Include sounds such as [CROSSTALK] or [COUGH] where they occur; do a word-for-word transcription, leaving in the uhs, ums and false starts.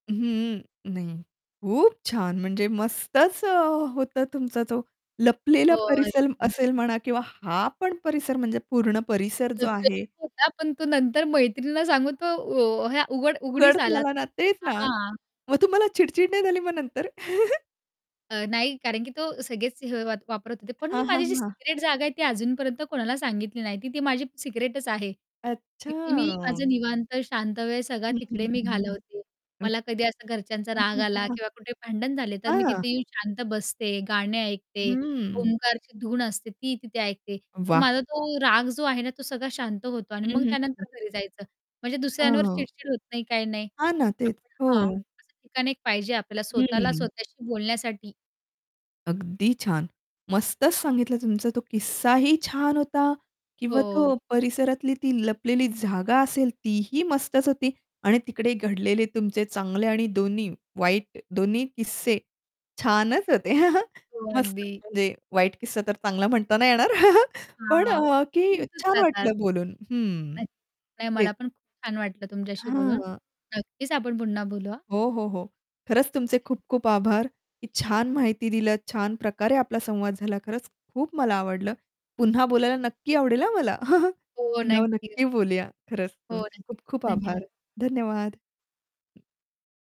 हं, नाही, खूप छान म्हणजे मस्तच अ, होतं तुमचा तो लपलेला हो. परिसल [UNINTELLIGIBLE] असेल म्हणा किंवा हा पण परिसर म्हणजे पूर्ण परिसर जो आहे लपलेलाच होता पण तो नंतर मैत्रिणीला सांगून तो उ हे अ, उघड उघड उघडीस आला झाला ना तेच ना. हां. मग तुम्हाला चिडचिड नाही झाली मग नंतर? [CHUCKLES] अ, नाही कारण, की तो सगळेच हे अ, वापरत होते. पण हां, मी हां, हां, माझी जी हां. सिक्रेट जागा आहे ती अजूनपर्यंत कोणाला सांगितली नाही, ती ती माझी सिक्रेटच आहे. तिथे मी माझं अच्छा! निवांत शांत वेळ सगळा हं, हं, तिकडे मी हं, हं, हं. घालवते, हं. मला कधी असं घरच्यांचा हां, राग हां, हां, आला हां. किंवा कुठे भांडण झाले तर मी हां. तिथे येऊन शांत बसते, गाणे ऐकते, हम्म. ओमकारची धून असते ती तिथे ऐकते. तर वाह! माझा तो राग जो आहे ना तो सगळा शांत होतो अन् हं, मग हं, हं, त्यानंतर हं. घरी जायचं म्हणजे दुसऱ्यांवर हां. चिडचिड होत नाही काही नाही. हां ना तेच, [UNINTELLIGIBLE] हां, हो. असं ठिकाण एक पाहिजे आपल्याला स्वतःला हं. स्वतःशी बोलण्यासाठी. अगदी छान, मस्तच सांगितलं. तुमचा तो किस्साही छान होता किंवा हो. तो परिसरातली ती लपलेली जागा असेल तीही मस्तच होती आणि तिकडे घडलेले तुमचे चांगले आणि दोन्ही वाईट दोन्ही किस्से छानच होते, [CHUCKLES] हो, मस्त अगदी. म्हणजे वाईट किस्सा तर चांगला म्हणताना येणार [CHUCKLES] पण हां, अ, ते की होतच छान राहतात. वाटलं बोलून हं, नाही नाही मला तेच. पण खूप छान वाटलं तुमच्याशी बोलून. हां. नक्कीच आपण पुन्हा बोलू हां. हो, हो, हो. खरंच तुमचे खूप-खूप आभार, ...की छान माहिती दिलं. छान प्रकारे आपला संवाद झाला, खरंच खूप मला आवडलं. पुन्हा बोलायला नक्की आवडेल हां मला! [CHUCKLES] हो, पुन्हा नक्कीच. नक्की बोलूया खरंच हो तुमचे न खूप-खूप धन्यवाद. आभार. धन्यवाद.